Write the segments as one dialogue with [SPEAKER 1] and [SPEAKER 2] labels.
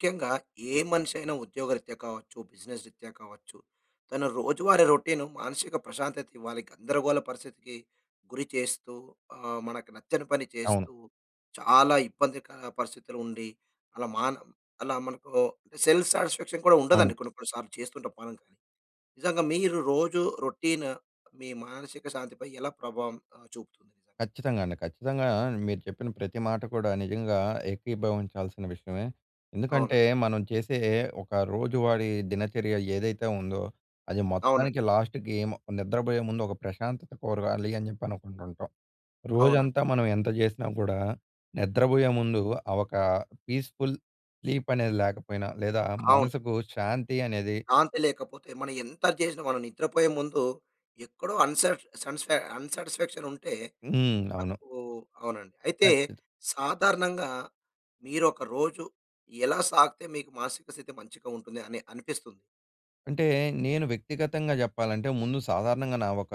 [SPEAKER 1] ముఖ్యంగా ఏ మనిషి అయినా ఉద్యోగరీత్యా కావచ్చు, బిజినెస్ రీత్యా కావచ్చు తన రోజువారీ రౌటీన్ మానసిక ప్రశాంతత ఇవ్వాలి గందరగోళ పరిస్థితికి గురి చేస్తూ ఆహ్, మనకు నచ్చని పని చేస్తూ
[SPEAKER 2] అవును.
[SPEAKER 1] చాలా ఇబ్బందిక పరిస్థితులు ఉండి అలా మాన్ అలా మనకు అంటె సెల్ఫ్ సాటిస్ఫాక్షన్ కూడా
[SPEAKER 2] అవును.
[SPEAKER 1] ఉండదండి కొన్ని కొన్ని సార్లు చేస్తూంటాం మనం. నిజంగా మీరు రోజు రౌటీన్ మీ మానసిక శాంతి పై ఎలా ప్రభావం ఆహ్, చూపుతుంది?
[SPEAKER 2] ఖచ్చితంగా అండి. ఖచ్చితంగా మీరు చెప్పిన ప్రతి మాట కూడా నిజంగా ఏకీభవించాల్సిన విషయమే.
[SPEAKER 1] అవును.
[SPEAKER 2] ఎందుకంటే మనం చేసే ఒక రోజువారీ దినచర్య ఏదైతే ఉందో అది మొత్తానికి
[SPEAKER 1] అవునండి.
[SPEAKER 2] లాస్ట్‌కి నిద్రపోయే ముందు ఒక ప్రశాంతత కోరగాలి అని చెప్పి అనుకుంటుంటాం. రోజంతా
[SPEAKER 1] అవునండి.
[SPEAKER 2] మనం ఎంత చేసినా కూడా నిద్రపోయే ముందు ఆ ఒక పీస్ఫుల్ స్లీప్ అనేది లేకపోయినా లేదా
[SPEAKER 1] అవును.
[SPEAKER 2] మనసుకు శాంతి అనేది
[SPEAKER 1] శాంతి లేకపోతే మనం ఎంత చేసినా మనం నిద్రపోయే ముందు ఎక్కడో అ‌న్‌శా అన్‌స్పా అన్‌శాటిస్ఫాక్షన్ ఉంటే
[SPEAKER 2] హ్మ్. అవును.
[SPEAKER 1] మనకు అవునండి. అయితే
[SPEAKER 2] ఖచ్చిత
[SPEAKER 1] సాధారణంగా మీరు ఒక రోజు ఎలా సాగితే మీకు మానసిక స్థితి మంచిగా ఉంటుంది అని అనిపిస్తుంది?
[SPEAKER 2] అంటే నేను వ్యక్తిగతంగా చెప్పాలంటే, ముందు సాధారణంగా నా ఒక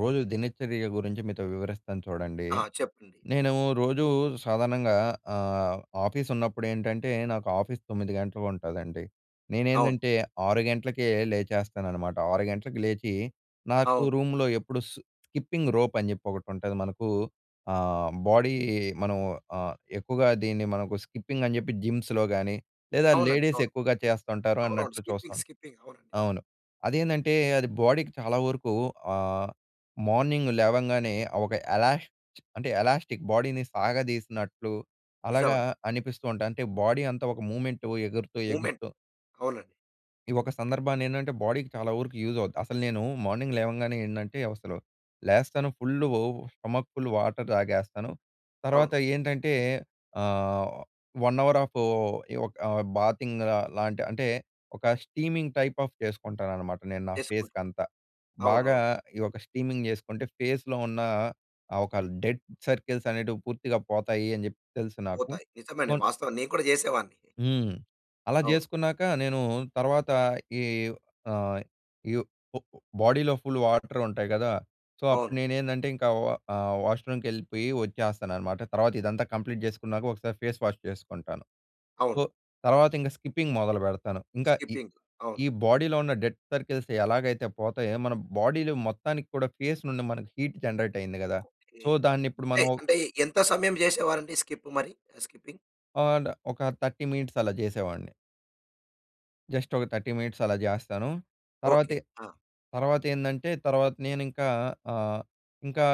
[SPEAKER 2] రోజు దినచర్య గురించి, మీతో వివరిస్తాను చూడండి.
[SPEAKER 1] ఆ! చెప్పండి.
[SPEAKER 2] నేను రోజూ సాధారణంగా ఆహ్, ఆఫీస్ ఉన్నప్పుడు ఏంటంటే, నాకు ఆఫీస్ 9 గంటలకి ఉంటదండి.
[SPEAKER 1] అవును.
[SPEAKER 2] నేనేందంటే 6 గంట్లకే లేచేస్తాననమాట. 6 గంట్లకి లేచి, నాకు
[SPEAKER 1] అవును.
[SPEAKER 2] రూమ్‌లో ఎప్పుడు సు స్కిప్పింగ్ రోప్ అని చెప్పి ఒకటి ఉంటది. మనకు ఆహ్, బాడీ మనం ఆహ్, ఎక్కువగా దీన్ని మనకు స్కిప్పింగ్ అని చెప్పి జిమ్స్‌లో కానీ లేదా
[SPEAKER 1] అవునండి,
[SPEAKER 2] లేడీస్
[SPEAKER 1] అవును.
[SPEAKER 2] ఎక్కువగా చేస్తుంటారు
[SPEAKER 1] అవునవును
[SPEAKER 2] అన్నట్లు
[SPEAKER 1] స్కిప్పింగ్
[SPEAKER 2] చూస్తాం.
[SPEAKER 1] స్కిప్పింగ్. అవును.
[SPEAKER 2] అవును. అదేందంటే అది బాడీకి చాలా వరకు ఆహ్, మార్నింగ్ లేవంగానే ఒక ఎలాష్ అంటే ఎలాష్టిక్ బాడీని సాగదీసినట్లు
[SPEAKER 1] నిజం
[SPEAKER 2] అలాగా
[SPEAKER 1] అండి.
[SPEAKER 2] అనిపిస్తూ ఉంటాయి. అంటే బాడీ అంతా ఒక మూవ్మెంట్ ఎగురుతూ
[SPEAKER 1] మూమెంట్,
[SPEAKER 2] ఎగురుతూ
[SPEAKER 1] అవునండి.
[SPEAKER 2] ఈ ఒక సందర్భాన్ని ఏంటంటే, బాడీకి చాలా వరకు యూజ్ అవుద్ది. అసలు నేను మార్నింగ్ లేవంగానే ఏంటంటే, అసలు లేస్తాను. ఫుల్లు స్టమక్ ఫుల్ వాటర్ తాగేస్తాను. తర్వాత
[SPEAKER 1] అవును.
[SPEAKER 2] ఏంటంటే ఆహ్, 1 అవర్ ఆఫ్ యో ఒక బాతింగ్ లాంటి అంటే ఒక స్టీమింగ్ టైప్ ఆఫ్ చేసుకుంటాననమాట. నేను నా ఫేస్‌కి
[SPEAKER 1] చేసుకుంటారు.
[SPEAKER 2] అంతా. బాగా
[SPEAKER 1] అవునవును.
[SPEAKER 2] ఈ ఒక స్టీమింగ్ చేసుకుంటే ఫేస్‍లో ఉన్న ఒక డెడ్ సర్కిల్స్ అనేటివి పూర్తిగా పోతాయి అని చెప్పి తెలుసు నాకు.
[SPEAKER 1] పోతాయి. నిజమే అండి. వాస్తవం నేను కూడా చేసేవాడిని.
[SPEAKER 2] హ్మ్, అలా
[SPEAKER 1] అవును.
[SPEAKER 2] చేసుకున్నాక నేను తర్వాత ఈ ఆహ్, బాడీలో ఫుల్‌ వాటర్ ఉంటాయి కదా! సో, అప్పుడు
[SPEAKER 1] అవును.
[SPEAKER 2] నేను ఏందంటే, ఇంక ఆహ్, వాష్రూమ్‌కి వెళ్ళిపోయి వచ్చేస్తాననమాట. తర్వాత ఇదంతా కంప్లీట్ చేసుకున్నాక ఒకసారి ఫేస్ వాష్ చేసుకుంటాను. సో,
[SPEAKER 1] అవును.
[SPEAKER 2] తర్వాత ఇంక స్కిప్పింగ్ మొదలుపెడతాను. ఇంకా ఈ
[SPEAKER 1] స్కిప్పింగ్. అవును
[SPEAKER 2] ఈ బాడీలో ఉన్న డెడ్ సర్కిల్స్ ఎలాగైతే పోతాయో, మన బాడీలో మొత్తానికి కూడా ఫేస్ నుండి మనకు హీట్ జనరేట్ అయింది కదా! సో, దాన్ని ఇప్పుడు
[SPEAKER 1] అంటే
[SPEAKER 2] మనం
[SPEAKER 1] అంటే ఎంత సమయం చేసేవారండి స్కిప్ మరి? ఆహ్, స్కిప్పింగ్.
[SPEAKER 2] అండ్ ఒక 30 మినిట్స్ అలా చేసేవాడిని. జస్ట్ ఒక 30 మినిట్స్ అలా చేస్తాను.
[SPEAKER 1] ఓకె.
[SPEAKER 2] తర్వ‌తే
[SPEAKER 1] ఆ!
[SPEAKER 2] తర్వా‌తేందంటే తర్వాత నేను ఇంకా ఆహ్, ఇంకా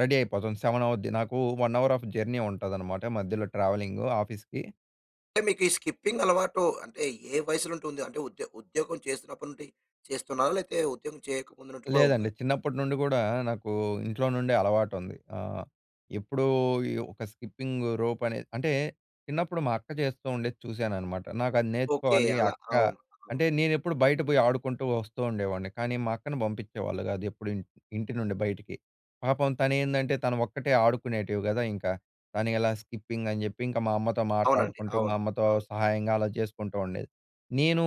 [SPEAKER 2] రెడీ అయిపోతాను 7 అవుద్ది నాకు 1 అవర్ ఆఫ్ జర్నీ ఉంటుందనమాట మధ్యలో ట్రావెలింగ్ ఆఫీస్‌కి.
[SPEAKER 1] అంటే మీకు ఈ స్కిప్పింగ్ అలవాటు అంటే ఏ వయసు‌నుండి ఉంది అంటే ఉద్యో ఉద్యోగం చేస్తున్నప్పటి నుండి చేస్తున్నారా? లేకపోతే ఉద్యోగం చేయకముందు కూడా ఉందా?
[SPEAKER 2] లేదండి చిన్నప్పటి నుండి కూడా నాకు ఇంట్లో నుండే అలవాటుంది. ఆహ్, ఎప్పుడూ ఈ ఒక స్కిపింగ్ రోప్ అనేది, అంటే చిన్నప్పుడు మా అక్క చేస్తూ ఉండేది చూశాననమాట. నాకు అది
[SPEAKER 1] ఓకె.
[SPEAKER 2] నేర్చుకోవాలి
[SPEAKER 1] అలా.
[SPEAKER 2] అక్క
[SPEAKER 1] అవును. అవును.
[SPEAKER 2] అంటే నేనెప్పుడు బయట పోయి ఆడుకుంటూ వస్తూ ఉండేవాడిని కానీ మా అక్కని పంపించేవాళ్ళు కాదు ఎప్పుడు ఇన్ ఇంటి నుండి బయటికి. పాపం తను ఏందంటే తను ఒక్కటే ఆడుకునేటివి కదా ఇంకా తను ఎలా స్కిప్పింగ్ అని చెప్పి, ఇంకా మా అమ్మతో
[SPEAKER 1] అవునండి.
[SPEAKER 2] మాట్లాడుకుంటూ, మా
[SPEAKER 1] అవును.
[SPEAKER 2] అమ్మతో
[SPEAKER 1] అవును.
[SPEAKER 2] సహాయంగా అలా చేసుకుంటూ ఉండేది. నేను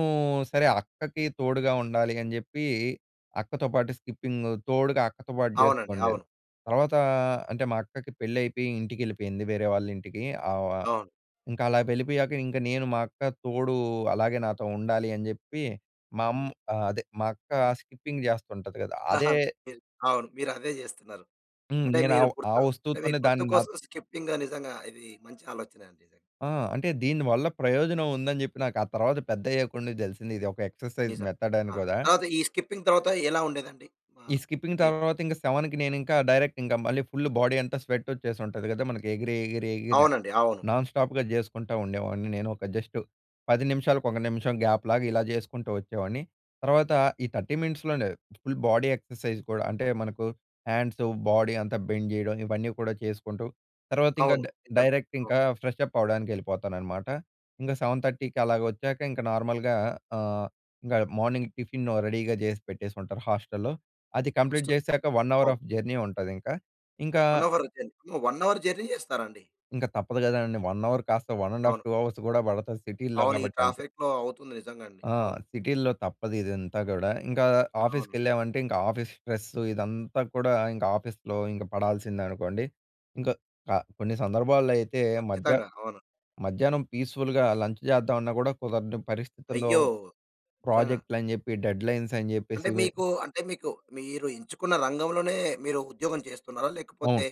[SPEAKER 2] సరే అక్కకి తోడుగా ఉండాలి అని చెప్పి అక్కతో పాటు స్కిప్పింగ్, తోడుగా అక్కతో పాటు చేస్తూ
[SPEAKER 1] అవునండి.
[SPEAKER 2] ఉండేది.
[SPEAKER 1] అవును.
[SPEAKER 2] తర్వాత అంటే మా అక్కకి పెళ్లి అయిపోయి ఇంటికి వెళ్ళిపోయింది వేరే వాళ్ళ ఇంటికి ఆవ్ ఆహ్,
[SPEAKER 1] అవును.
[SPEAKER 2] ఇంకా అలా వెళ్ళిపోయాక ఇంక నేను మా అక్క తోడు అలాగే నాతో ఉండాలి అని చెప్పి మా అమ్ అదే, మా అక్క స్కిప్పింగ్ చేస్తుంటుంది కదా, అదే
[SPEAKER 1] మీర్ అవును మీరు అదే చేస్తున్నారు.
[SPEAKER 2] హ్మ్.
[SPEAKER 1] అంటే
[SPEAKER 2] నేను
[SPEAKER 1] మీరు
[SPEAKER 2] ఆహ్, ఆ
[SPEAKER 1] గుర్తు అంటే
[SPEAKER 2] వస్తువుతోనే
[SPEAKER 1] మీకు
[SPEAKER 2] దాన్ని నా
[SPEAKER 1] గుర్తుకోసం స్కిప్పింగ్ నిజంగా ఇది మంచి ఆలోచన అండి.
[SPEAKER 2] ఆహ్, అంటే దీని వల్ల ప్రయోజనం ఉందని చెప్పి నాకు ఆ తర్వాత పెద్దయ్యకుండా తెలిసింది, ఇది ఒక ఎక్సర్సైజ్
[SPEAKER 1] నిజం.
[SPEAKER 2] మెథడ్ అని
[SPEAKER 1] ఆహ్,
[SPEAKER 2] కూడా.
[SPEAKER 1] తర్వాత ఈ స్కిప్పింగ్ తర్వాత ఎలా ఉండేదండి?
[SPEAKER 2] ఈ
[SPEAKER 1] ఆహ్,
[SPEAKER 2] స్కిప్పింగ్
[SPEAKER 1] ఏ
[SPEAKER 2] తర్వాత ఇంకా 7కి నేను ఇంకా డైరెక్ట్ ఇంకా మళ్ళీ ఫుల్ బాడీ అంతా స్వెట్ వచ్చేసి ఉంటది కదా మనకి ఎగిరి, ఎగిరి, ఎగిర
[SPEAKER 1] అవునండి. అవును.
[SPEAKER 2] నాన్ స్టాప్‌గా చేసుకుంటా ఉండేవాడిని నేను, ఒక జస్ట్ 10 నిమిషాలకు ఒక నిమిషం గ్యాప్‌లాగా ఇలా చేసుకుంటూ వచ్చేవాడిని. తర్వాత ఈ 30 మినిట్స్ లోనే ఫుల్ బాడీ ఎక్సర్సైజ్ కూడా అంటే మనకు హండ్స్, బాడీ అంతా బెండ్ చేయడం ఇవన్నీ కూడా చేసుకుంటూ, తర్వాత ఇంకా
[SPEAKER 1] అవును.
[SPEAKER 2] డై
[SPEAKER 1] నిజమే.
[SPEAKER 2] డైరెక్ట్ ఇంకా ఫ్రెష్ అప్ అవ్వడానికి వెళ్ళిపోతాను అన్నమాట. ఇంకా 7:30కి అలా వచ్చాక ఇంక నార్మల్‌గా ఆహ్, ఇంకా మార్నింగ్ టిఫిన్ రెడీ‌గా చేసి పెట్టేసి ఉంటారు హోస్టల్‌లో, అది కంప్లీట్
[SPEAKER 1] హాస్టల్.
[SPEAKER 2] చేసాక 1 అవర్
[SPEAKER 1] అవును.
[SPEAKER 2] ఆఫ్ జర్నీ ఉంటది ఇంకా. ఇంకా
[SPEAKER 1] 1 అవర్ జర్నీ. 1 అవర్ జర్నీ చేస్తారా అండి?
[SPEAKER 2] ఇంక తప్పదు కదండీ 1 అవర్ కాస్త వన్ అండ్ హాఫ్
[SPEAKER 1] అవును.
[SPEAKER 2] టూ అవర్స్ కూడా పడతది, సిటీ‌‌లో
[SPEAKER 1] అవును. ఈ
[SPEAKER 2] కాబట్టి, అంతే.
[SPEAKER 1] ట్రాఫిక్‌లో అవుతుంది నిజంగా అండి.
[SPEAKER 2] ఆ!
[SPEAKER 1] అవును.
[SPEAKER 2] సిటీల్లో తప్పదు ఇదంతా కూడా. ఇంకా
[SPEAKER 1] అవును.
[SPEAKER 2] ఆఫీస్‌కెళ్ళామంటే ఇంకా ఆఫీస్ స్ట్రెస్ ఇదంతా కూడా ఇంక ఆఫీస్‌లో ఇంక పడాల్సిందే అనుకోండి. ఇంకా కా కొన్ని సందర్భాల్లో అయితే మధ్య
[SPEAKER 1] ఖచ్చితంగా. అవును.
[SPEAKER 2] మధ్యాహ్నం పీస్ఫుల్‍గా లంచ్ చేద్దామన్నా కూడా కుదరని పరిస్థితుల్లో
[SPEAKER 1] అయ్యో! నిజంగా.
[SPEAKER 2] ప్రాజెక్ట్‌లు అని చెప్పి డెడ్లైన్స్ అని చెప్పేసి
[SPEAKER 1] అంటే
[SPEAKER 2] ఇవి
[SPEAKER 1] మీకు, అంటే మీకు మీరు ఎంచుకున్న రంగంలోనే మీరు ఉద్యోగం చేస్తున్నారా?
[SPEAKER 2] అవును.
[SPEAKER 1] లేకపోతే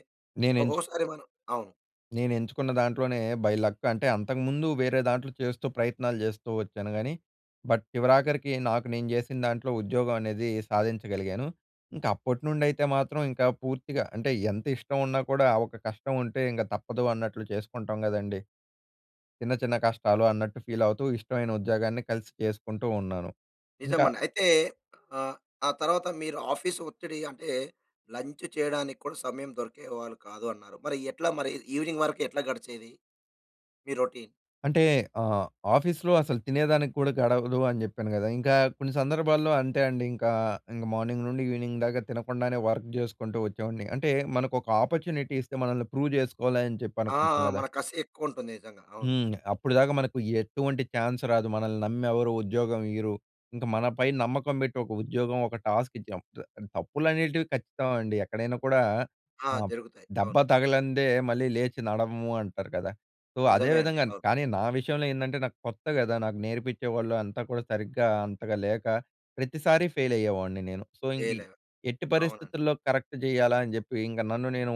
[SPEAKER 2] నేను ఎంచు
[SPEAKER 1] ఒక్కొక్కసారి మనం అవును.
[SPEAKER 2] నేను ఎంచుకున్న దాంట్లోనే బై లక్ అంటే, అంతకుముందు వేరే దాంట్లో చేస్తూ, ప్రయత్నాలు చేస్తూ వచ్చాను. కానీ, బట్ చివరాఖరికి నాకు నేను చేసిన దాంట్లో, ఉద్యోగం అనేది సాధించగలిగాను. ఇంకా అప్పటి నుండి అయితే మాత్రం ఇంకా పూర్తిగా అంటే, ఎంత ఇష్టం ఉన్నా కూడా ఒక కష్టం ఉంటే, ఇంక తప్పదు అన్నట్లు చేసుకుంటాం కదండీ! చిన్న, చిన్న కష్టాలు అన్నట్టు ఫీల్ అవుతూ, ఇష్టమైన ఉద్యోగాన్ని కలిసి చేసుకుంటూ ఉన్నాను. ఇంకా
[SPEAKER 1] నిజమండి. అయితే ఆహ్, ఆ తర్వాత మీరు ఆఫీస్ ఒత్తిడి అంటే, లంచ్ చేయడానికి కూడా సమయం దొరికేవాళ్ళు కాదు అన్నారు. మరి ఎట్లా మరి ఈవినింగ్ వరకు ఎట్లా గడిచేది, మీ రొటీన్?
[SPEAKER 2] అంటే ఆహ్, ఆఫీస్‌లో అసలు తినే దానికి కూడా గడవదు, అని చెప్పాను కదా! ఇంకా కొన్ని సందర్భాల్లో అంతే అండి ఇంకా, ఇంకా మార్నింగ్ నుండి ఈవెనింగ్‌ దాకా తినకుండానే వర్క్ చేసుకుంటూ వచ్చేవాడిని. అంటే మనకు ఒక ఆపర్చునిటీ ఇస్తే, మనల్ని ప్రూవ్ చేసుకోవాలి, అని చెప్పి
[SPEAKER 1] ఆ!
[SPEAKER 2] అనుకుంటాం కదా!
[SPEAKER 1] మన కసి ఎక్కువ ఉంటుంది. నిజంగా అవును.
[SPEAKER 2] హ్మ్. అప్పుడు దాకా మనకు ఎటువంటి చాన్స్ రాదు. మనల్ని నమ్మి ఎవరు ఉద్యోగం ఇయ్యరు. ఇంకా మనపై నమ్మకం పెట్టి ఒక ఉద్యోగం, ఒక టాస్క్ ఇచ్చాము [unintelligible] తప్పులనేటివి, ఖచ్చితం అండి. ఎక్కడైనా కూడా
[SPEAKER 1] ఆ!
[SPEAKER 2] ఆహ్,
[SPEAKER 1] జరుగుతాయి.
[SPEAKER 2] దెబ్బ
[SPEAKER 1] అవును.
[SPEAKER 2] తగలందే, మళ్ళీ లేచి నడవము అంటారు కదా! సో, అదే
[SPEAKER 1] నిజమే అండి.
[SPEAKER 2] విధంగా
[SPEAKER 1] అవును.
[SPEAKER 2] కానీ, నా విషయంలో ఏందంటే, నాకు కొత్త కదా! నాకు నేర్పించేవాళ్ళు అంతా కూడా సరిగ్గా అంతగా లేక, ప్రతిసారి ఫెయిల్ అయ్యేవాడిని నేను. సో, ఇంక
[SPEAKER 1] ఫెయిల్ ఎ
[SPEAKER 2] ఎట్టి
[SPEAKER 1] అవునండి.
[SPEAKER 2] పరిస్థితుల్లో కరెక్ట్ చేయాలా అని చెప్పి, ఇంక నన్ను నేను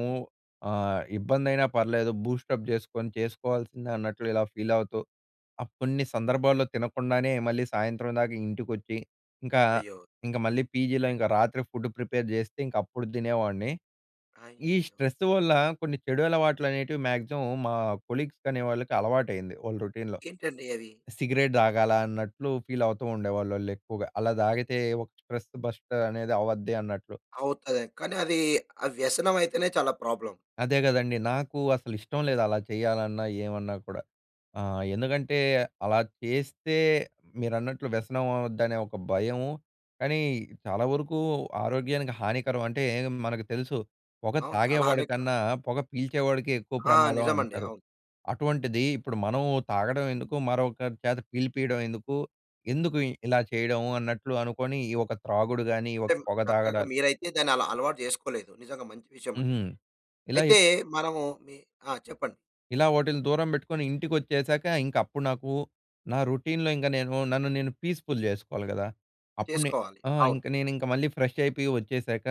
[SPEAKER 2] ఆహ్, ఇబ్బంది అయినా పర్లేదు, బూస్ట్ అ‌ప్ చేసుకొని చేసుకోవాల్సిందే, అన్నట్లు ఇలా ఫీల్ అవుతూ, అప్పున్నించి కొన్ని సందర్భాల్లో తినకుండానే, మళ్ళీ సాయంత్రం దాకా ఇంటికి వచ్చి ఇంకా,
[SPEAKER 1] అయ్యో!
[SPEAKER 2] ఇంక మళ్ళీ పీజీలో ఇంకా రాత్రి ఫుడ్ ప్రిపేర్ చేస్తే, ఇంక అప్పుడు తినేవాడిని. ఈ
[SPEAKER 1] అయ్యయ్యో!
[SPEAKER 2] స్ట్రెస్ వల్ల, కొన్ని చెడు అలవాట్లు అనేటివి మాక్సిమం మా కొలీగ్స్ అనే వాళ్ళకి అలవాటయింది. వాళ్ళ రొటీన్‌లో.
[SPEAKER 1] ఏంటండి అది?
[SPEAKER 2] సిగరెట్ తాగాలా? అన్నట్లు ఫీల్ అవుతూ ఉండేవాళ్ళు ఆళ్ళు ఎక్కువగా. అలా తాగితే ఒక స్ట్రెస్ బస్ట్ అనేది అవధ్ది అన్నట్లు.
[SPEAKER 1] అవుతది. కానీ, అది అ వ్యసనం అయితేనే చాలా ప్రాబ్లెమ్.
[SPEAKER 2] అదే కదండీ! నాకు అసలు ఇష్టం లేదు. అలా చేయాలన్నా, ఏమన్నా కూడా, ఆహ్, ఎందుకంటే అలా చేస్తే మీరన్నట్లు వ్యసనం అవ్వుదనే ఒక భయము. కానీ, చాలా వరకు ఆరోగ్యానికి హానికరం అంటే, మనకు తెలుసు పొగ
[SPEAKER 1] అవును చాలా
[SPEAKER 2] తాగేవాడి
[SPEAKER 1] హానికరం.
[SPEAKER 2] కన్నా, పొగ పీల్చేవాడికె ఎక్కువ
[SPEAKER 1] ఆ!
[SPEAKER 2] ప్రమాదం
[SPEAKER 1] నిజమండి.
[SPEAKER 2] అంటారు.
[SPEAKER 1] అవును.
[SPEAKER 2] అటువంటిది ఇప్పుడు మనం తాగడం ఎందుకు? మరొకరి చేత పీలిపియడం ఎందుకు? ఎందుకు ఇలా చేయడం? అన్నట్లు అనుకోని, ఈ ఒక త్రాగుడు కానీ, ఈ
[SPEAKER 1] అంటే,
[SPEAKER 2] ఒక పొగ
[SPEAKER 1] చక్కగా
[SPEAKER 2] తాగడాలు
[SPEAKER 1] మీరైతే దాన్ని అలా అలవాటు చేసుకోలేదు. నిజంగా మంచి విషయం అండి
[SPEAKER 2] హుహు.
[SPEAKER 1] ఇది.
[SPEAKER 2] ఇలా ఎప్
[SPEAKER 1] అయితే మనము మీ ఆ! చెప్పండి.
[SPEAKER 2] ఇలా వోటిలిని దూరం బెట్టుకొని, ఇంటికొచ్చేసాక, ఇంకప్పుడు నాకు నా రొటీన్‌లో ఇంక నేను, నన్ను నేను పీస్ఫుల్ చేసుకోవాలి గదా! అప్పుడు నే
[SPEAKER 1] చేసుకోవాలి.
[SPEAKER 2] ఆ!
[SPEAKER 1] అవును.
[SPEAKER 2] ఇంక, నేనింక మళ్ళీ ఫ్రెష్ అయిపోయి వచ్చేశాక,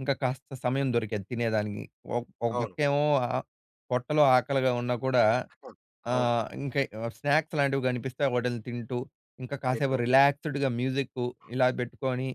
[SPEAKER 2] ఇంక కాస్త సమయం దొరికేది తినేదానికి. ఒక్ ఒక
[SPEAKER 1] అవును.
[SPEAKER 2] పక్కేవో ఆహ్, పొట్టలో ఆకలిగా ఉన్నా కూడా,
[SPEAKER 1] [unintelligible] అవును.
[SPEAKER 2] ఆహ్, ఇంక ఆహ్, స్నాక్స్ లాంటివి కనిపిస్తే వోటిలిని తింటూ, ఇంక కాసేపు
[SPEAKER 1] ఏంటో?
[SPEAKER 2] రిలాక్స్డ్‌గా మ్యూజిక్కు, ఇలా బెట్టుకోని,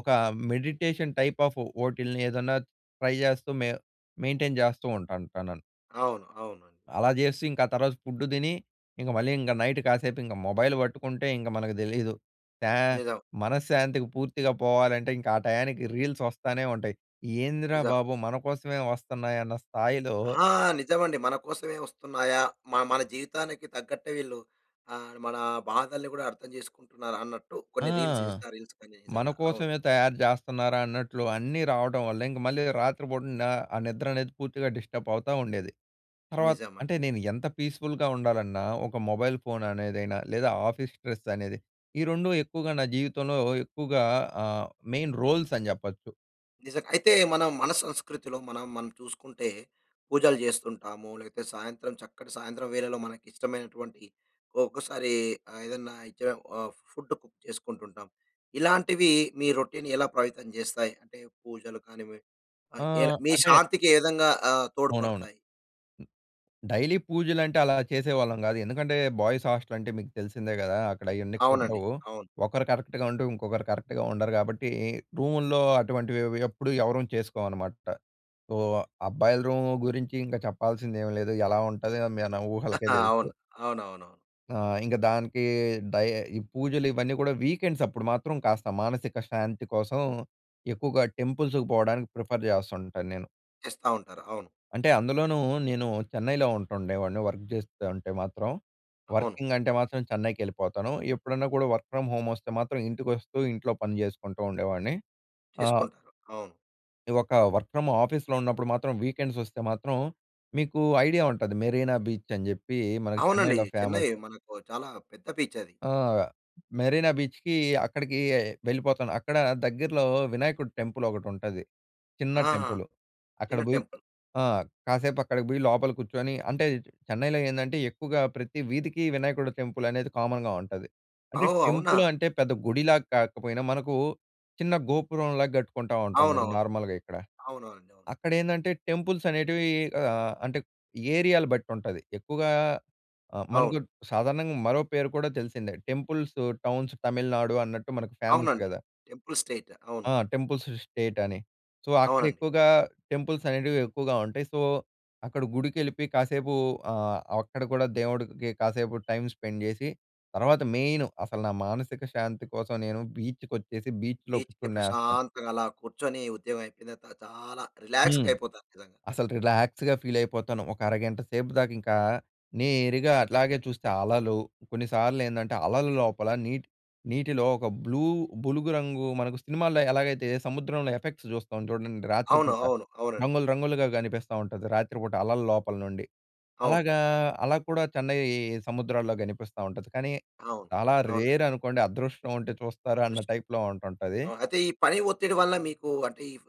[SPEAKER 2] ఒక మెడిటేషన్ టైప్ ఆఫ్ వోటిలిని ఏదన్నా ట్రై జాస్తూ, మేవ్ మెయింటైన్ జేస్తూ ఉంటాను. టనన్
[SPEAKER 1] అవును. అవునండి.
[SPEAKER 2] అలా చేస్తూ, ఇంకా తర్వాత ఫుడ్ తిని, ఇంగ మళ్ళీ ఇంగ నైట్ కాసేపు ఇంగ మొబైల్ పట్టుకుంటే, ఇంగ మనకు దెలీదు. త్యా
[SPEAKER 1] నిజం.
[SPEAKER 2] మనశ్శాంతికి పూర్తిగా పోవాలంటే, ఇంకా ఆ టయానికి, రీల్స్ వస్తానే ఉంటాయి. ఏందిరా
[SPEAKER 1] నిజం.
[SPEAKER 2] బాబు! మనకోసమే వస్తన్నాయన్న స్థాయిలో
[SPEAKER 1] ఆ! నిజమండి. మన కోసవే వస్తున్నాయా? మ మన జీవితానికి తగ్గట్టే వీళ్ళు ఆహ్, మన బాధల్ని కూడా అర్థం చేసుకుంటున్నారు, అన్నట్టు,
[SPEAKER 2] ఆ!
[SPEAKER 1] కొన్ని రీల్స్ ఇన్‌స్టా రీల్స్ కని నిజంగా. అవును.
[SPEAKER 2] మనకోసవే తయారు జేస్తన్నారా! అన్నట్లు, అన్నీ రావటం వల్లే, ఇంక మళ్ళీ రాత్రి పూట నా ఆ నిద్రనేది, పూర్తిగా డిస్టబ్ అవుతా ఉండేది. తర్వాత్
[SPEAKER 1] నిజమండి.
[SPEAKER 2] అంటే నేను ఎంత పీస్ఫుల్‌గా ఉండాలన్నా, ఒక మొబైల్ ఫోన్ అనేదిైనా, లేదా ఆఫీస్ స్ట్రెస్ అనేది, ఈ 2 ఎక్కువగా నా జీవితంలో ఎక్కువగా ఆహ్, మెయిన్ రోల్స్ అని జెప్పచ్చు.
[SPEAKER 1] నిజంగ. అయితే మనం మన సంస్కృతిలో, మనం మనని చూసుకుంటే, పూజలు జేస్తుంటాము, లేకపోతే సాయంత్రం చక్కటి సాయంత్రం వేళలో మనకి ఇష్టమైనటువంటి ఒక్కసారి ఆహ్, ఏదన్నా ఇ చేయము ఆహ్, ఫుడ్ కుక్ చేసుకుంటుంటాం. ఇలాంటివి మీ రొటీన్ ఎలా పవితం జేస్తాయి, అంటే పూజలు కానివండీ ఆహ్, ఎలా
[SPEAKER 2] ఆహ్,
[SPEAKER 1] మీ
[SPEAKER 2] అంటే
[SPEAKER 1] శాంతికి ఏ విధంగా ఆహ్,
[SPEAKER 2] అవునవును.
[SPEAKER 1] తోడ్పడతాయి.
[SPEAKER 2] డైలీ పూజలు అంటే అలా చేసేవాళ్ళం గాదు. ఎందుకంటే, బాయ్స్ హాస్టల్ అంటే మీకు తెలిసిందే గదా! అక్కడ అయన్నీ
[SPEAKER 1] అవునండి.
[SPEAKER 2] కుదరవు.
[SPEAKER 1] అవును.
[SPEAKER 2] ఒకరు కరెక్ట్‌గా ఉంటే, ఇంకొకరు కరెక్ట్‌గా ఉండరు. గాబట్టి రూముల్లో అటువంటివి అవి ఎప్పుడూ ఎవరం చేసుకోవనమాట. సో, అబ్బాయిల రూమ్ గురించి ఇంకా చెప్పాల్సింది ఏం లేదు, ఎలా ఉంటది మన ఊహలకే
[SPEAKER 1] అవును.
[SPEAKER 2] తెలుసు.
[SPEAKER 1] అవునవునవును.
[SPEAKER 2] ఆహ్, ఇంక దానికి డై ఈ పూజలు ఇవన్నీ కూడా వీకెండ్స్ అప్పుడు మాత్రం కాస్త మానసిక శాంతి కోసం ఎక్కువగా టెంపుల్స్‌కి పోవడానికి ప్రిఫర్ జేస్తుంటాను నేను...
[SPEAKER 1] చేస్తా ఉంటారు. అవును.
[SPEAKER 2] అంటే అందులోనూ నేను చెన్నైలో ఉంటుండేవాడిని వర్క్ జేస్తుంటే మాత్రం.
[SPEAKER 1] అవును.
[SPEAKER 2] వర్కింగ్ అంటే మాత్రం చెన్నైకెళ్ళిపోతాను. ఎప్పుడన్నా కూడా వర్క్ ఫ్రమ్ హోమ్ వస్తే మాత్రం ఇంటికి వస్తూ, ఇంట్లో పని జేసుకుంటూ ఉండేవాడిని. ఆహ్
[SPEAKER 1] చేసుకుంటారు అవును.
[SPEAKER 2] ఇది ఒక వర్క్ ఫ్రమ్ ఆఫీస్‌లో ఉన్నప్పుడు మాత్రం వీకెండ్స్ వస్తే మాత్రం మీకు ఐడియా ఉంటది. మెరీనా బీచ్, అని జెప్పి మనకి
[SPEAKER 1] అవునండి
[SPEAKER 2] చెన్నైలో
[SPEAKER 1] చెన్నై
[SPEAKER 2] ఫేమస్.
[SPEAKER 1] మనకు చాలా పెద్ద బీచ్ అది.
[SPEAKER 2] ఆ! మెరీనా బీచ్‍కి, అక్కడికి వెళ్ళిపోతాను. అక్కడ దగ్గరలో వినాయకుడి టెంపుల్ ఒకటి ఉంటది. చిన్న
[SPEAKER 1] ఆహా!
[SPEAKER 2] టెంపుల్. అక్కడ
[SPEAKER 1] చిన్న
[SPEAKER 2] బోయి
[SPEAKER 1] టెంపుల్.
[SPEAKER 2] ఆ! కాసేపు అక్కడికి బోయి, లోపల కూర్చొని, అంటే చెన్నైలో ఏందంటే, ఎక్కువగా ప్రతి వీధికి వినాయకుడి టెంపుల్ అనేది కామన్‌గా ఉంటది. అంటే
[SPEAKER 1] ఓహ్! అవునా!
[SPEAKER 2] టెంపుల్ అంటే పెద్ద గుడిలా కాకపోయినా, మనకు చిన్న గోపురంలా గట్టుకుంటా ఉంటాం గదా!
[SPEAKER 1] అవునవును.
[SPEAKER 2] నార్మల్‍గా ఇక్కడ.
[SPEAKER 1] అవునవునండి.
[SPEAKER 2] అక్కడ ఏందంటే, టెంపుల్స్ అనేటివి ఆహ్, అంటే ఏరియాలని బట్టి ఉంటది. ఎక్కువగా ఆహ్, మనకు
[SPEAKER 1] అవును.
[SPEAKER 2] సాధారణంగా మరో పేరు కూడా తెలిసిందే. టెంపుల్స్ టౌన్స్ తమిళనాడు అన్నట్టు మనకు ఫేమస్
[SPEAKER 1] అవునండి.
[SPEAKER 2] గదా!
[SPEAKER 1] టెంపుల్ స్టేట్ అవును.
[SPEAKER 2] ఆ! టెంపుల్స్ స్టేట్ అని, సో అక్కడ
[SPEAKER 1] అవునండి.
[SPEAKER 2] ఎక్కువగా టెంపుల్స్ అనేటివి ఎక్కువగా ఉంటాయి. సో, అక్కడ గుడికి వెళ్ళిపోయి కాసేపు ఆహ్, అక్కడ ఆహ్, కూడా దేవుడికి కాసేపు టైమ్ స్పెండ్ చేసి, తర్వాత మెయిను అసలు నా మానసిక శాంతి కోసం నేను బీచ్‍కి వచ్చేసి బీచ్‌లో
[SPEAKER 1] బీచ్‌కి
[SPEAKER 2] కూర్చునేస్తాను.
[SPEAKER 1] ప్రశాంతంగా అలా కూర్చొని, ఉద్యోగం అయిపోయిన తర్వాత చాలా రిలాక్స్‌గా
[SPEAKER 2] హ్మ్,
[SPEAKER 1] అయిపోతారు నిజంగా.
[SPEAKER 2] అసలు రిలాక్స్‌గా ఫీల్ అయిపోతాను. ఒక అరగంట సేపు దాక ఇంకా నేరుగా అట్లాగే చూస్తే, అలలు కొన్నిసార్లు ఏందంటే అలల లోపల నీటి నీటిలో ఒక బ్లూ బులుగు రంగు మనకు సినిమాల్లో ఎలాగైతే సముద్రంలో ఎఫెక్ట్స్ చూస్తాం చూడండి
[SPEAKER 1] అవును,
[SPEAKER 2] రాత్రిపూట.
[SPEAKER 1] అవును. అవునండి.
[SPEAKER 2] రంగులు రంగులుగా కనిపిస్తా ఉంటది! రాత్రిపూట అలల లోపల నుండి.
[SPEAKER 1] అవును.
[SPEAKER 2] అలాగా అలా కూడా చెన్నై సముద్రాల్లో గనిపిస్తా ఉంటది. కానీ
[SPEAKER 1] అవును.
[SPEAKER 2] చాలా
[SPEAKER 1] అవునండి.
[SPEAKER 2] రేర్ అనుకోండి అదృష్టం ఉంటే చూస్తారా అన్న టైప్‌లో ఉంటుంటది.
[SPEAKER 1] ఆ! అయితే ఈ పని ఒత్తిడి వల్ల మీకు అంటే, ఇవ్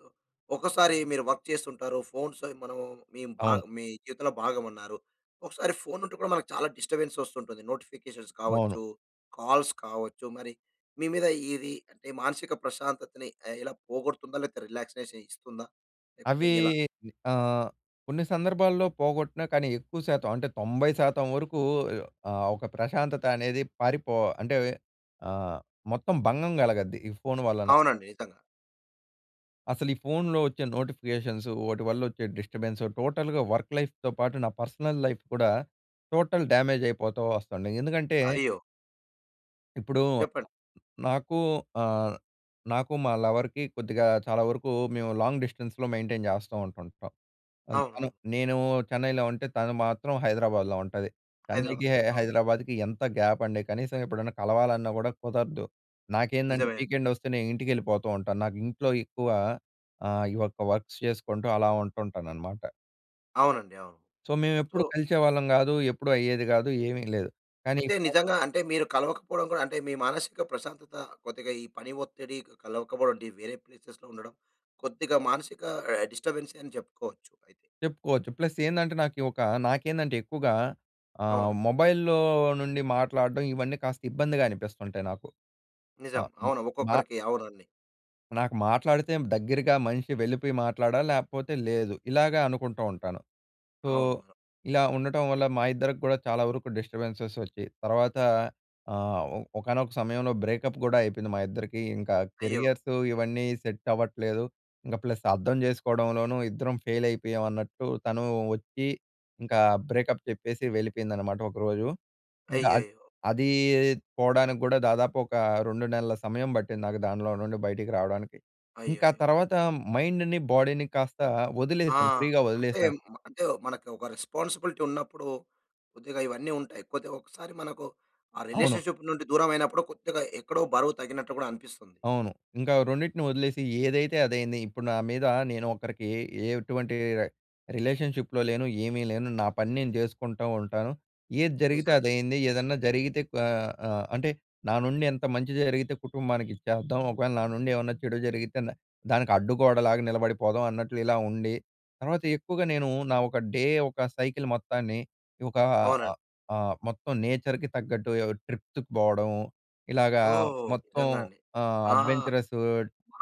[SPEAKER 1] ఒకసారి మీరు వర్క్ చేస్తుంటారు, ఫోన్స్ మనం మీ బా
[SPEAKER 2] అవును.
[SPEAKER 1] మీ జీవితంలో భాగం అన్నారు. ఒకసారి ఫోన్ ఉంటే కూడా మనకు చాలా డిస్టర్బెన్స్ వస్తుంటుంది. నోటిఫికేషన్స్
[SPEAKER 2] అవును.
[SPEAKER 1] కావచ్చు, కాల్స్ కావచ్చు, మరి మీ మీద ఇది అంటే మానసిక ప్రశాంతతని ఆహ్, ఎలా పోగొడుతుందా? లేకపోతే రిలాక్సేషన్ ఇస్తుందా? లేకపోతే
[SPEAKER 2] అవి
[SPEAKER 1] ఎలా?
[SPEAKER 2] ఆహ్, కొన్ని సందర్భాల్లో పోగొట్టినా కానీ ఎక్కువ శాతం అంటే 90% వరకు ఆహ్, ఒక ప్రశాంతత అనేది పారిపో అంటే ఆహ్, మొత్తం భంగం కలగద్ది ఈ ఫోన్ వలన.
[SPEAKER 1] అవునండి. నిజంగా.
[SPEAKER 2] అసలు ఈ ఫోన్‌లో వచ్చే నోటిఫికేషన్సు, వోటి వల్లొచ్చే డిస్టర్బెన్సు, టోటల్‌గా వర్క్ లైఫ్‌తో పాటు, నా పర్సనల్ లైఫ్ కూడా, టోటల్ డ్యామేజ్ అయిపోతో వస్తంది. ఎందుకంటే
[SPEAKER 1] అయ్యో!
[SPEAKER 2] ఇప్పుడు
[SPEAKER 1] చెప్పండి.
[SPEAKER 2] నాకు ఆహ్, నాకు మా లవర్‍కి కొద్దిగా చాలా వరకు మేము లాంగ్ డిస్టెన్స్‌లో మెయింటైన్ చేస్తో ఉంటుంటం. అల్ తను
[SPEAKER 1] అవునవును.
[SPEAKER 2] నేను చెన్నైలో ఉంటే, తను మాత్రం హైదరాబాద్‍లో ఉంటది. చెన్నైకి,
[SPEAKER 1] హైదరాబాద్‌లో. అవును.
[SPEAKER 2] హైదరాబాద్‍కి, ఎంత గ్యాపండి! కనీసం ఎప్పుడైనా కలవాలన్నా కూడా కుదరదు. నాకేందంటే,
[SPEAKER 1] నిజమే.
[SPEAKER 2] వీకెండొస్తే, నే ఇంటికెళిపోతో ఉంటాను. నాకింట్లో ఎక్కువ ఆహ్, ఈ ఒక్క వర్క్స్ చేసుకుంటూ, అలా ఉంటుంటాననమాట.
[SPEAKER 1] అవునండి. అవును.
[SPEAKER 2] సో, మేవెప్పుడూ
[SPEAKER 1] ఓహ్!
[SPEAKER 2] కలిసేవాళ్ళం గాదు. ఎప్పుడూ అయ్యేది కాదు. ఏవీ లేదు. కానీ ఈ
[SPEAKER 1] అంటే, నిజంగా అంటే మీరు కలవకపోవడం కూడా అంటే మీ మానసిక ప్రశాంతత, కొద్దిగా ఈ పని ఒత్తిడి, క కలవకపోవడం, అంటే వేరే ప్లేసెస్‌లో ఉండడం, కొద్దిగా మానసిక ఆహ్, డిస్టబెన్సే అని చెప్పుకోవచ్చు ఐతె.
[SPEAKER 2] చెప్పుకోచ్చు. ప్లస్ ఏందంటే నాకి, ఒక నాకేందంటే ఎక్కువగా ఆహ్,
[SPEAKER 1] అవును.
[SPEAKER 2] మొబైల్‌లో నుండి మాట్లాడటం ఇవన్నీ, కాస్త ఇబ్బందిగా అనిపిస్తుంటాయి నాకు.
[SPEAKER 1] నిజం.
[SPEAKER 2] ఆహ్, బి
[SPEAKER 1] అవును.
[SPEAKER 2] మా
[SPEAKER 1] ఒక్కొక్కరికి అవునండి.
[SPEAKER 2] నాకు మాట్లాడితే దగ్గరగా మనిషి వెళ్ళిపోయి మాట్లాడాలి. లేపోతే లేదు. ఇలాగ అనుకుంటో ఉంటాను. సో,
[SPEAKER 1] అవును. అ
[SPEAKER 2] ఇలా ఉండటం వల్ల, మా ఇద్దరికి కూడా చాలా వరకు డిస్టర్బెన్సెస్ వచ్చి, తర్వాత ఆహ్, ఒ ఒకానొక సమయంలో, బ్రేకప్ కూడా అయిపోయింది మా ఇద్దరికీ. ఇంక
[SPEAKER 1] అయ్యో!
[SPEAKER 2] కెరియర్స్ ఇవన్నీ సెట్ అవ్వట్లేదు. ఇంకా ప్లస్ అర్థం చేసుకోవడంలోనూ, ఇద్దరం ఫెయిల్ అయిపోయాం అన్నట్టు, తను వచ్చి, ఇంకా బ్రేకప్ చెప్పేసి వెళిపెయిందనమాట ఒకరోజు. ఇంకా అద్
[SPEAKER 1] అయ్యయ్యో!
[SPEAKER 2] అదీ పోవడానికి గూడా, దాదాపు ఓకా, 2 సమయం బట్టింది నాకు, దాన్లో నుండి బయటికి రావడానికి. ఇంకా
[SPEAKER 1] అయ్యయ్యో!
[SPEAKER 2] తర్వాత, మైండ్‌ని, బోడీ‌ని, కాస్త
[SPEAKER 1] ఆ!
[SPEAKER 2] వదిలేసాను. ఫ్రీ‌గా
[SPEAKER 1] అంటే,
[SPEAKER 2] వదిలేసాను.
[SPEAKER 1] మ అంటే, మనకు ఒక రెస్పాన్సిబిలిటీ ఉన్నప్పుడు, కొద్దిగా ఇవన్నీ ఉంటాయి. కొద్దిగా ఒకసారి మనకు ఆ
[SPEAKER 2] అవును.
[SPEAKER 1] రిలేషన్షిప్ నుండి దూరం అయినప్పుడు, కొద్దిగా ఎక్కడో బరువు తగ్గినట్లు కూడా అనిపిస్తుంది.
[SPEAKER 2] అవును. ఇంకా రెండిటిని వదిలేసి, ఏదైతే అదైంది. ఇప్పుడు నా మీద నేను ఒకరికి, ఏటువంటి రె రిలేషన్షిప్‌లో లేను, ఏమీ లేను. నా పని నేను జేసుకుంటో ఉంటాను. ఏది జరిగితే
[SPEAKER 1] నిజవే.
[SPEAKER 2] అదైంది. ఏదన్నా జరిగితే క్వ ఆహ్, అంటే నా నుండి ఎంత మంచి జరిగితే కుటుంబానికిది చేద్దాం. ఒకవేళ నా నుండి ఏవన్నా చెడు జరిగితే, న దానికడ్డుగోడలాగా నిలబడిపోదాం అన్నట్లు, ఇలా ఉండి తర్వాత, ఎక్కువగా నేను, నా ఒక డే, ఒక సైకిల్ మొత్తాన్ని, ఇ ఒక అ
[SPEAKER 1] అవునండి.
[SPEAKER 2] ఆహ్, మొత్తం నేచర్‍కి తగ్గట్టు, ఎ ఒ ట్రిప్ తిప్ బోవడం, ఇలాగా
[SPEAKER 1] ఓహ్!
[SPEAKER 2] మొత్తం
[SPEAKER 1] నిజంగా అండి.
[SPEAKER 2] ఆహ్,
[SPEAKER 1] ఆ!
[SPEAKER 2] అడ్వెంచరసు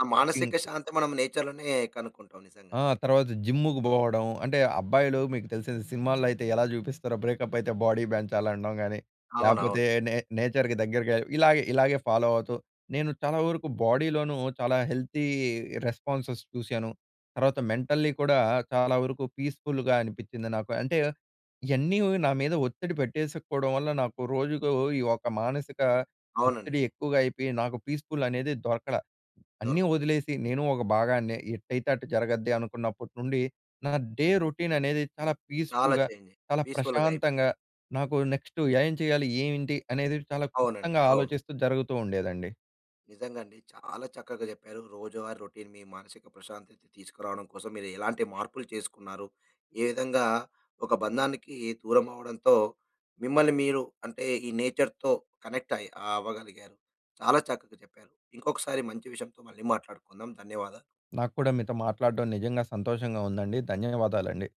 [SPEAKER 1] ఆ
[SPEAKER 2] టింగ్
[SPEAKER 1] మానసిక శాంతి మనం నేచర్‌లోనే కనుక్కుంటాం. నిజంగా.
[SPEAKER 2] ఆ! తర్వాత, జిమ్ముకు బోవడం అంటే, అబ్బాయిలు మీకు తెలిసిన సినిమాల్లో అయితే ఎలా జూపిస్తరో, బ్రేకప్ అయితే బోడీ పెంచాలనడం గాని,
[SPEAKER 1] అవునవును.
[SPEAKER 2] లేపోతే, నే నేచర్‍కి దగ్గరగా ఇలాగె, ఇలాగే ఫాలో అవుతూ, నేను చాలా వరకు బోడీలోను, చాలా హెల్తీ రెస్పాన్సెస్ చూశాను. తర్వాత మెంటల్లీ కూడా, చాలా వరకు పీస్‍ఫులుగా అనిపించింది నాకు. అంటే, ఇయన్నీ నా మీద ఒత్తిడి పెట్టేసుకోడం వల్ల, నాకు రోజుకు, ఈ ఒక మానసిక ఒత్తిడి
[SPEAKER 1] అవునండి.
[SPEAKER 2] ఎక్కువగా అయిపియి, నాకు పీస్ఫుల్ అనేది దొరకలా. అన్నీ
[SPEAKER 1] దొరకలేదు.
[SPEAKER 2] వదిలేసి, నేను ఒక భాగాన్నే. ఎట్టయితే అటు జరగద్దె. అనుకున్నప్పుటి నుండి, నా డే రొటీన్ అనేది, చాలా
[SPEAKER 1] చాలా
[SPEAKER 2] పీస్ఫుల్‍గా,
[SPEAKER 1] ఛేంజ్ అయి,
[SPEAKER 2] చాలా
[SPEAKER 1] పీస్ఫుల్‌గ
[SPEAKER 2] ప్రశాంతంగా,
[SPEAKER 1] అయిపోయింది.
[SPEAKER 2] నాకు నెక్స్టు ఏం చేయాలి? ఏయింటి? అనేది, చాలా
[SPEAKER 1] అవునండి.
[SPEAKER 2] క్లుప్తంగా
[SPEAKER 1] అవును.
[SPEAKER 2] ఆలోచిస్తూ జరుగుతూ ఉండేదండి.
[SPEAKER 1] నిజంగా అండి. చాలా చక్కగ జెప్పారు. రోజువారీ రొటీన్ మీ మానసిక ప్రశాంతత తీసుకురావడం కోసం మీరు ఎలాంటి మార్పులు చేసుకున్నారు, ఏ విధంగా ఒక బంధానికి దూరమవడంతో, మిమ్మల్ని మీరు, అంటే ఈ నేచర్‍తో కనెక్ట్ అయి ఆహ్, అవగలిగారు.చాలా చక్కగ చెప్పారు. ఇంకొకసారి మంచి విషయంతో, మళ్ళీ మాట్లాడుకుందాం. ధన్యవాదాలు.
[SPEAKER 2] నాక్కూడా మీతో మాట్లాడడం, నిజంగా సంతోషంగా ఉందండి. ధన్యవాదాలండి.